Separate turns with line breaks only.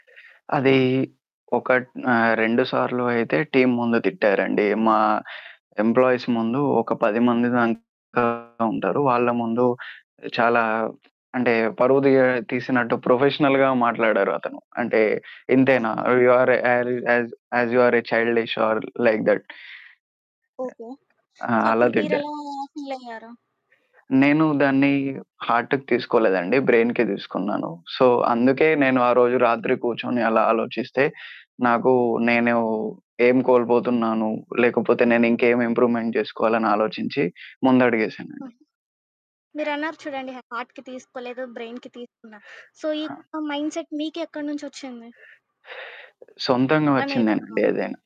అదీ ఒకట్ ఆహ్, 2 సార్లు అయితే టీమ్ ముందు తిట్టారండి మా ఎంప్లాయీస్ ముందు. ఒక 10 మంది దాక ఉంటారు. వాళ్ళ ముందు చాలా అంటే పరువు దీయ తీసినట్టు ప్రొఫెషనల్‌గా మాట్లాడారతను. అంటే, ఇంతేనా
ఓహో!
You are a acting as as you are a childish are like that. Uh
okay.
ఆ!
సో,
అలా
అప్పుడు
తిడ్డా
మీరెలా ఫీలయ్యారు?
నేను దాన్ని హార్ట్‌కి తీసుకోలేదండి. బ్రెయిన్‌కే తీసుకున్నాను. సో, అందుకే నేను ఆ రోజు రాత్రి కూర్చొని అలా ఆలోచిస్తే నాకు నేను ఏమి కోల్పోతున్నాను, లేకపోతే నేనింకేం ఇంప్రూవ్‌మెంట్ చేసుకోవాలి అని ఆలోచించి
ఆహా!
ముందడిగేశానండి.
మీరన్నారు చూడండి హార్ట్‌కి తీసుకోలేదు, బ్రెయిన్‌కి తీసుకున్నా. సో, ఈ
ఆ!
యొక్క మైండ్‌సెట్ మీకు ఎక్కడి నుంచి ఒచ్చింది?
సొంతంగా
ఎలా
వచ్చిందేనండి
నేర్చుకున్నారు?
ఏదైనా.